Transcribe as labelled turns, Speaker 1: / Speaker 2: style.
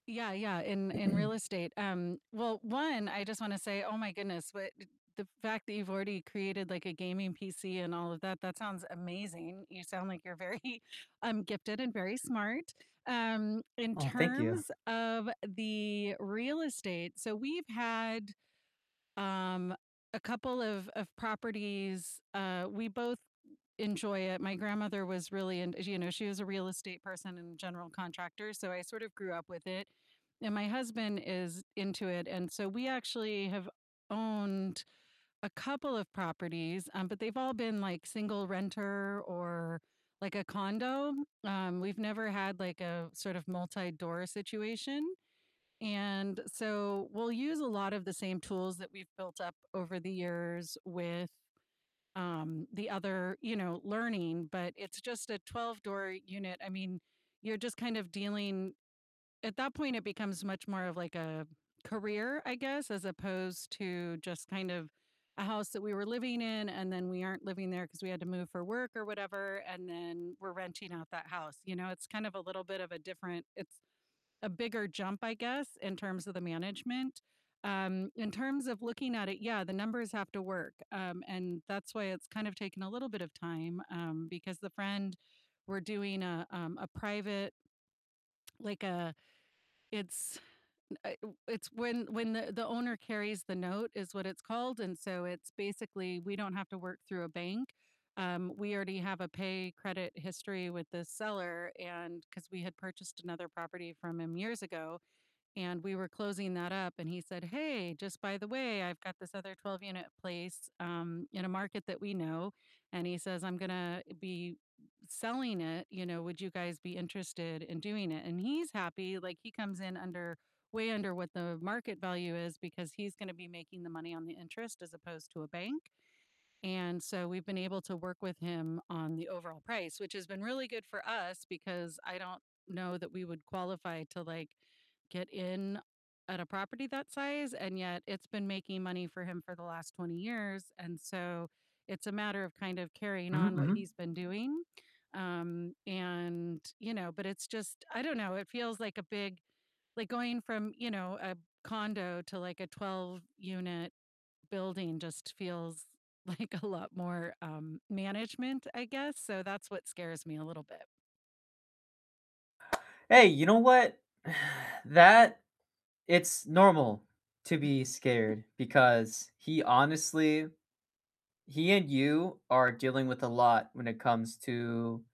Speaker 1: Yeah, yeah, in in real estate, um, well, 1, I just wanna say, oh my goodness, what uh, the fact that you've already created, like, a gaming PC and all of that, that sounds amazing. You sound like you're very, um, gifted and very smart. Um, in
Speaker 2: Oh, thank you.
Speaker 1: terms of the real estate, so we've had, um, a couple of of properties, uh, we both enjoy it. My grandmother was really int you know, she was a real estate person and general contractor, so I sort of grew up with it, and my husband is into it, and so we actually have owned a couple of properties, um, but they've all been, like, single-renter or, like, a condo, um, we've never had, like, a sort of multi-door situation, and so we'll use a lot of the same tools that we've built up over the years with, um, the other, you know, learning, but it's just a twelve-door unit. I mean, you're just kind of dealing at that point, it becomes much more of like a career, I guess, as opposed to just kind of a house that we were living in and then we aren't living there 'cause we had to move for work or whatever, and then we're renting out that house. You know, it's kind of a little bit of a different it's a bigger jump, I guess, in terms of the management. Um, in terms of looking at it, yeah, the numbers have to work, um, and that's why it's kind of taken a little bit of time, um, because the friend we're doing a um, a private like a it's, u a u it's when when the the owner carries the note is what it's called, and so it's basically we don't have to work through a bank, um, we already have a pay credit history with the seller and 'cause we had purchased another property from him years ago, and we were closing that up and he said, "Hey, just by the way, I've got this other twelve-unit place," um, in a market that we know, and he says, "I'm gonna be selling it, you know, would you guys be interested in doing it?" And he's happy, like, he comes in under way under what the market value is because he's gonna be making the money on the interest as opposed to a bank. And so we've been able to work with him on the overall price, which has been really good for us because I don't know that we would qualify to, like, get in at a property that size, and yet it's been making money for him for the last 20 years, and so it's a matter of kind of carrying
Speaker 2: Mhm,
Speaker 1: on what he's
Speaker 2: mhm.
Speaker 1: been doing, um, and you know, but it's just I don't know, it feels like a big like, going from, you know, a condo to like a twelve-unit building just feels like a lot more, um, management, I guess, so that's what scares me a little bit.
Speaker 2: Hey, you know what? that it's normal to be scared because he honestly he and you are dealing with a lot when it comes to